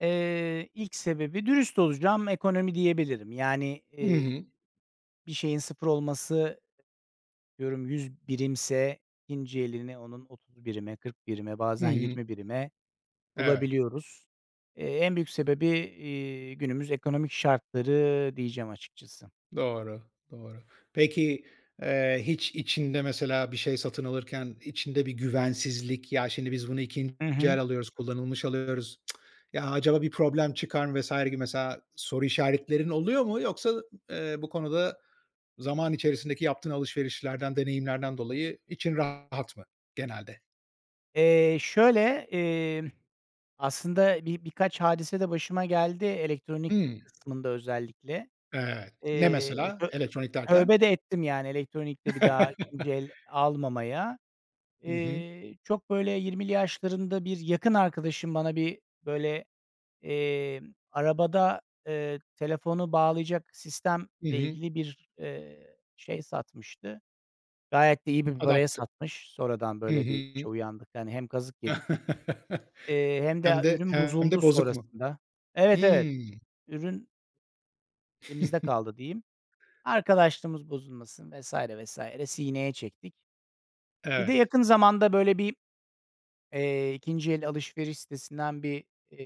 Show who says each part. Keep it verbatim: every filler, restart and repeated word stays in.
Speaker 1: Eee, ilk sebebi, dürüst olacağım, ekonomi diyebilirim. Yani,
Speaker 2: Hı
Speaker 1: eee,
Speaker 2: hı.
Speaker 1: bir şeyin sıfır olması, atıyorum yüz birimse, ikinci elini onun otuz birime, kırk birime,
Speaker 2: Hı
Speaker 1: bazen
Speaker 2: hı.
Speaker 1: yirmi birime
Speaker 2: Evet.
Speaker 1: bulabiliyoruz. Eee, en büyük sebebi, eee, günümüz ekonomik şartları diyeceğim açıkçası.
Speaker 2: Doğru, doğru. Peki, eee, hiç içinde, mesela, bir şey satın alırken içinde bir güvensizlik, "Ya, şimdi biz bunu ikinci
Speaker 1: Hı hı.
Speaker 2: el alıyoruz, kullanılmış alıyoruz, ya, acaba bir problem çıkar mı vs. gibi?" mesela soru işaretlerin oluyor mu, yoksa, eee, bu konu da zaman içerisindeki yaptığın alışverişlerden, deneyimlerden dolayı için rahat mı genelde?
Speaker 1: Eee şöyle, emm, aslında bi birkaç hadise de başıma geldi, elektronik
Speaker 2: Hımm.
Speaker 1: kısmında özellikle.
Speaker 2: Evet. Ne
Speaker 1: Eee,
Speaker 2: mesela
Speaker 1: tö
Speaker 2: elektronik derken?
Speaker 1: tövbe de ettim yani, elektronikte bir daha ikinci el almamaya.
Speaker 2: Hı hı.
Speaker 1: Eee, çok böyle yirmili yaşlarında bir yakın arkadaşım bana bir, böyle, eee, arabada, eee, telefonu bağlayacak sistemle
Speaker 2: Hı hı.
Speaker 1: ilgili bir, eee, şey satmıştı. Gayet de iyi bir paraya
Speaker 2: Adapt
Speaker 1: satmış. Sonradan
Speaker 2: Hı
Speaker 1: böyle bir
Speaker 2: hı.
Speaker 1: şey uyandık. Hani, hem kazık yedik. Eee, hem
Speaker 2: Hem
Speaker 1: de
Speaker 2: de
Speaker 1: ürün
Speaker 2: hem de
Speaker 1: bozuldu
Speaker 2: bozuk mu?
Speaker 1: sonrasında. Evet, evet
Speaker 2: Hımm.
Speaker 1: ürün elimizde kaldı diyeyim. Arkadaşlığımız bozulmasın, vs. vs. sineye çektik. Bir de
Speaker 2: Evet.
Speaker 1: yakın zamanda böyle bir, eee, ikinci el alışveriş sitesinden bir, eee